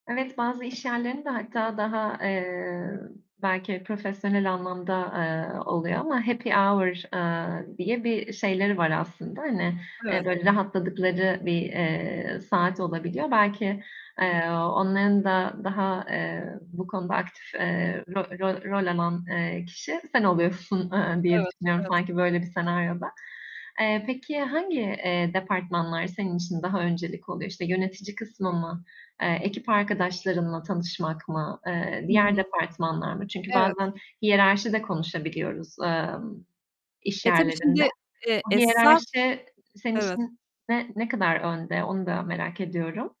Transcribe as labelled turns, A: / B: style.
A: Evet, bazı iş yerlerinde hatta daha, eee, belki profesyonel anlamda, eee, oluyor ama happy hour eee, diye bir şeyleri var aslında, hani, eee,
B: Evet.
A: böyle rahatladıkları bir, eee, saat olabiliyor. Belki,
B: [unintelligible]
A: eee, onların da daha, eee, bu konuda aktif, eee, rol rol rol alan, eee, kişi sen oluyorsun, eee, diye
B: Evet,
A: düşünüyorum
B: evet.
A: sanki böyle bir senaryoda. Eee, peki, hangi, eee, departmanlar senin için daha öncelik oluyor? İşte, yönetici kısmı mı? Eee, ekip arkadaşlarınla tanışmak mı, eee,
B: Hı
A: diğer
B: hı.
A: departmanlar mı? Çünkü
B: Evet.
A: bazen hiyerarşi de konuşabiliyoruz, emm, iş
B: Eee, tabii
A: yerlerinde.
B: şimdi, eee,
A: Bu
B: esas
A: hiyerarşi senin
B: Evet.
A: için ne ne kadar önde? Onu da merak ediyorum.